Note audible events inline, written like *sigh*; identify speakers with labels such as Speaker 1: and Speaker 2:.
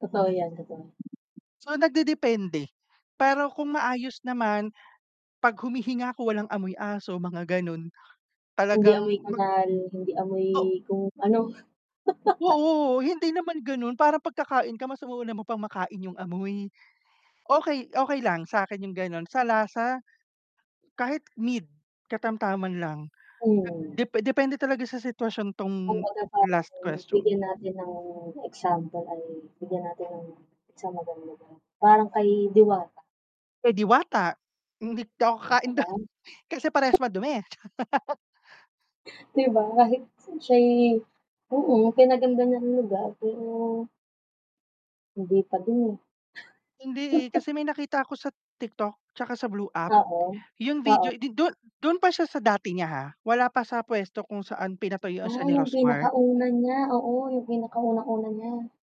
Speaker 1: Totoo 'yan, totoo.
Speaker 2: So, nagde-depende pero kung maayos naman pag humihinga 'ko walang amoy aso mga ganun,
Speaker 1: Hindi
Speaker 2: talagang
Speaker 1: amoy
Speaker 2: mag
Speaker 1: kanal, hindi amoy
Speaker 2: oh.
Speaker 1: kung ano. *laughs*
Speaker 2: Oo, hindi naman gano'n parang pagka-kain ka mas uuna mo pang makain yung amoy. Okay, okay lang sa'kin 'yung gan'on, sala sa kahit mid katamtaman lang
Speaker 1: Hmm.
Speaker 2: dep depende talaga sa sitwasyon 'tong last
Speaker 1: *unintelligible*
Speaker 2: question.
Speaker 1: bigyan natin ng example ay bigyan natin ng isang magandang parang kay Diwata.
Speaker 2: Eh, Diwata hindi ako
Speaker 1: Okay ka
Speaker 2: ka-kain dun
Speaker 1: lang?
Speaker 2: kasi parehas madumi.
Speaker 1: 'Di ba, kahit siya'y oo, pina-ganda niya ng lugar pero Hindi pa din eh.
Speaker 2: Hindi eh,
Speaker 1: *chuckles*
Speaker 2: kasi
Speaker 1: *chuckles*
Speaker 2: may nakita ako sa TikTok tsaka sa blue app,
Speaker 1: Oo,
Speaker 2: yung
Speaker 1: oo.
Speaker 2: video di dun dun pa siya sa dati niya ha, wala pa sa puwesto kung saan pinatuyuan
Speaker 1: Ah
Speaker 2: siya ni
Speaker 1: yung
Speaker 2: Rosemar.
Speaker 1: pinakauna niya, oo, yung pinaka unang-una niya.